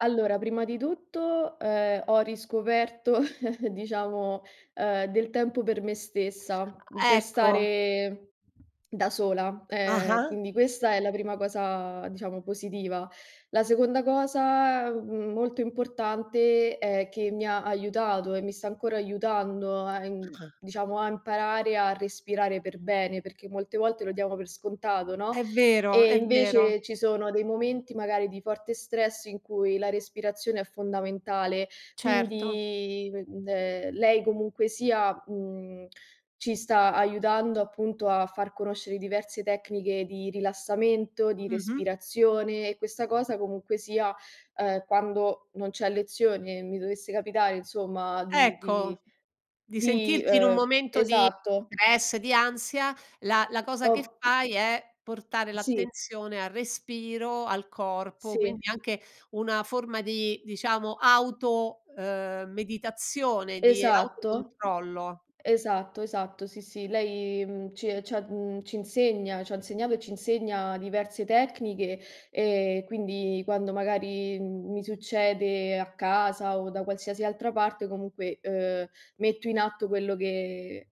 Allora, prima di tutto, uhm, ho riscoperto, diciamo, ehm, del tempo per me stessa, per Ecco. stare da sola, ehm, Ah-ah. quindi questa è la prima cosa, diciamo, positiva. La seconda cosa, mhmm, molto importante è che mi ha aiutato, e mi sta ancora aiutando a, uhm, diciamo, a imparare a respirare per bene, perché molte volte lo diamo per scontato, no, È vero, e è vero. invece ci sono dei momenti, magari di forte stress in cui la respirazione è fondamentale, Certo. quindi, uhm, ehm, lei comunque sia, mhmm, ci sta aiutando appunto a far conoscere diverse tecniche di rilassamento, di Mh-mh. respirazione e questa cosa comunque sia, uhm, quando non c'è lezione, mi dovesse capitare, insomma, di di Ecco, di di, sentirti in un uhm momento di esatto. stress, di ansia, la la cosa che Oh fai è portare Sì. l'attenzione al respiro, al corpo, Sì. quindi anche una forma di diciamo auto, uhm, meditazione, di Esatto. autocontrollo. Esatto, esatto, sì, sì. Lei, mhmm, ci e ci ha, mhmm, ci insegna, ci ha insegnato e ci insegna, diverse tecniche, e quindi, quando magari, mhmm, mi succede a casa o da qualsiasi altra parte, comunque, uhm, metto in atto quello che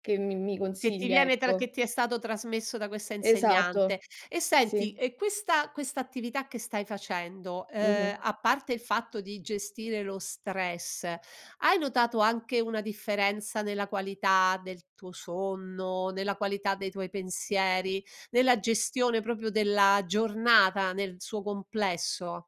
che mi mi Che ti consiglia, viene tra che ecco. ti è stato trasmesso da questa insegnante. Esatto, E senti, sì. e questa questa attività che stai facendo, uhm, Mh-mh. a parte il fatto di gestire lo stress, hai notato anche una differenza nella qualità del tuo sonno, nella qualità dei tuoi pensieri, nella gestione proprio della giornata, nel suo complesso?